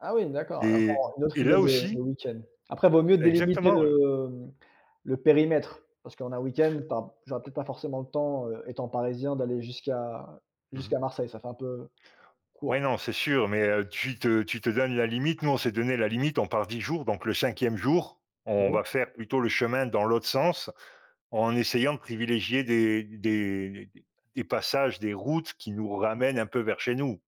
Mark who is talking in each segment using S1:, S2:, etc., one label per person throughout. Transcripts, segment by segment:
S1: Ah oui, d'accord,
S2: Et
S1: encore, heu, une autre
S2: et
S1: idée
S2: là
S1: de de
S2: aussi
S1: week-end. Après, vaut mieux délimiter
S2: Exactement, ouais.
S1: le, mmh, le périmètre, parce qu'en un week-end, tu as j'aurais peut-être pas forcément le temps, heu, étant parisien, d'aller jusqu'à
S2: Mmh mh.
S1: jusqu'à Marseille, ça fait un peu
S2: Ouais,
S1: court.
S2: non, c'est sûr mais heu, tu te tu te donnes la limite. Nous, on s'est donné la limite. On part 10 jours donc le 5e jour, on
S1: Ouais.
S2: va faire plutôt le chemin dans l'autre sens en essayant de privilégier des des des passages, des routes qui nous
S1: Super.
S2: ramènent un peu vers chez nous,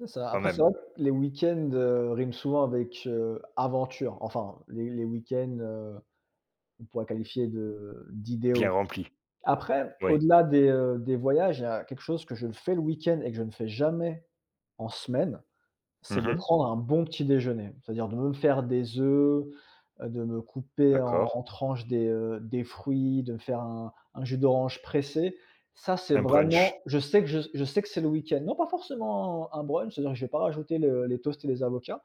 S1: C'est ça.
S2: quand
S1: Après, c'est
S2: même.
S1: vrai que les week-ends, heu, riment souvent avec, heu, aventure. Enfin, les les week-ends, heu, qu'on pourrait qualifier de
S2: Bien
S1: d'idéaux.
S2: remplis.
S1: Après,
S2: Oui.
S1: au-delà des, heu, des voyages, il y a quelque chose que je le fais le week-end et que je ne fais jamais en semaine, c'est
S2: Mmh
S1: de
S2: mh.
S1: prendre un bon petit-déjeuner. C'est-à-dire de me faire des œufs, heu, de me couper
S2: D'accord.
S1: en en tranche des, heu, des fruits, de me faire un un jus d'orange pressé. Ça, c'est
S2: Un brunch.
S1: vraiment je sais que je je sais que c'est le week-end non pas forcément un un brunch. C'est-à-dire que je vais pas rajouter le les toasts et les avocats,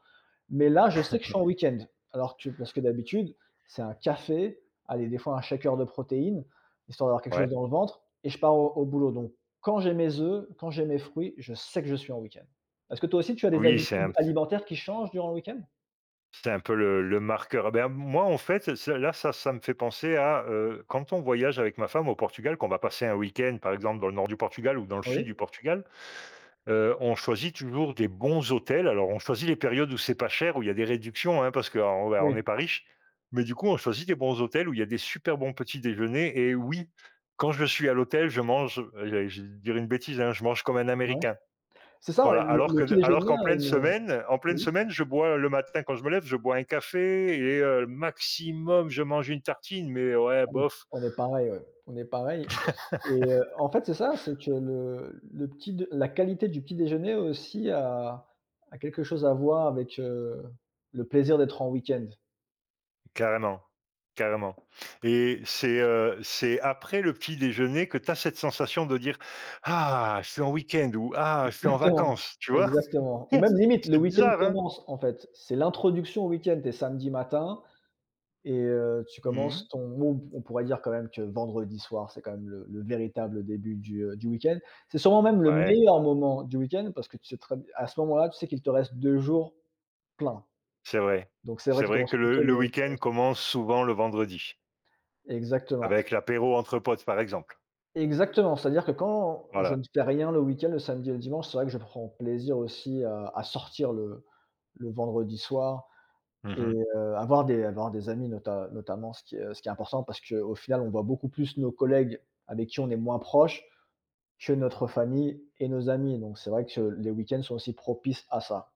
S1: mais là, je sais que je suis en week-end. Alors que parce que d'habitude, c'est un café. Allez, des fois, un shaker de protéines, histoire d'avoir quelque chose
S2: Ouais.
S1: dans le ventre et je pars au au boulot donc quand j'ai mes œufs, quand j'ai mes fruits, je sais que je suis en week-end. Est-ce que toi aussi, tu as des
S2: Oui, c'est
S1: habitudes
S2: un p
S1: alimentaires qui changent durant le week-end?
S2: C'est un peu le le marqueur. Ah, ben, moi, en fait, ça ça, là, ça ça me fait penser à, heu, quand on voyage avec ma femme au Portugal, qu'on va passer un week-end, par exemple, dans le nord du Portugal ou dans le sud
S1: Oui.
S2: du Portugal, heu, on choisit toujours des bons hôtels. Alors, on choisit les périodes où c'est pas cher où il y a des réductions, hein, parce qu'on on on n'est
S1: Oui.
S2: pas riches mais du coup, on
S1: [unintelligible]
S2: choisit des bons hôtels où il y a des super bons petits déjeuners. Eh, oui, quand je suis à l'hôtel, je mange, eh allez, je vais dire une bêtise, hein, je mange comme un
S1: Bah ouais.
S2: Américain.
S1: C'est ça,
S2: Voilà.
S1: le
S2: Alors
S1: le
S2: que
S1: petit
S2: alors
S1: déjeuner
S2: qu'en
S1: a
S2: pleine
S1: une, heu
S2: semaine en pleine
S1: oui.
S2: semaine, je bois heu, le matin quand je me lève, je bois un café et heu, maximum, je mange une tartine mais ouais,
S1: On est
S2: bof
S1: on est pareils, ouais, on est pareils et heu en fait, c'est ça, c'est que le le petit-d la qualité du petit-déjeuner au aussi a a quelque chose à voir avec, heu, le plaisir d'être en week-end.
S2: Carrément, carrément et c'est, heu, c'est après le petit déjeuner que tu as cette sensation de dire: «Ah, je suis en week-end!» Ou «Ah, je suis en
S1: Exactement,
S2: vacances!» Tu vois?
S1: exactement ou même, limite, le
S2: C'est
S1: week-end
S2: bizarre, hein?
S1: commence, en fait. C'est l'introduction au week-end. Tu es samedi matin et heu, tu
S2: Mmh.
S1: commences ton non, on on pourrait dire, quand même, que vendredi soir, c'est quand même le le véritable début du, heu, du week-end. C'est sûrement même le
S2: Ouais.
S1: meilleur moment du week-end parce que tu sais très b à ce moment-là, tu sais qu'il te reste 2 jours pleins.
S2: C'est vrai.
S1: Donc c'est vrai
S2: C'est
S1: qu'il
S2: vrai
S1: commence
S2: que le
S1: plutôt le
S2: le
S1: vendredi
S2: week-end
S1: s
S2: commence souvent le vendredi
S1: Exactement, oui.
S2: avec l'apéro entre potes, par exemple.
S1: Exactement. C'est-à-dire que quand je ne
S2: Voilà.
S1: fais rien le week-end, le samedi et le dimanche, c'est vrai que je prends plaisir aussi à à sortir le le vendredi soir
S2: Mmh
S1: et
S2: mh.
S1: heu, à voir des à voir des amis, nota notamment, ce qui est, heu, ce qui est important parce qu'au final, on voit beaucoup plus nos collègues avec qui on est moins proche que notre famille et nos amis. Donc, c'est vrai que les week-ends sont aussi propices à ça.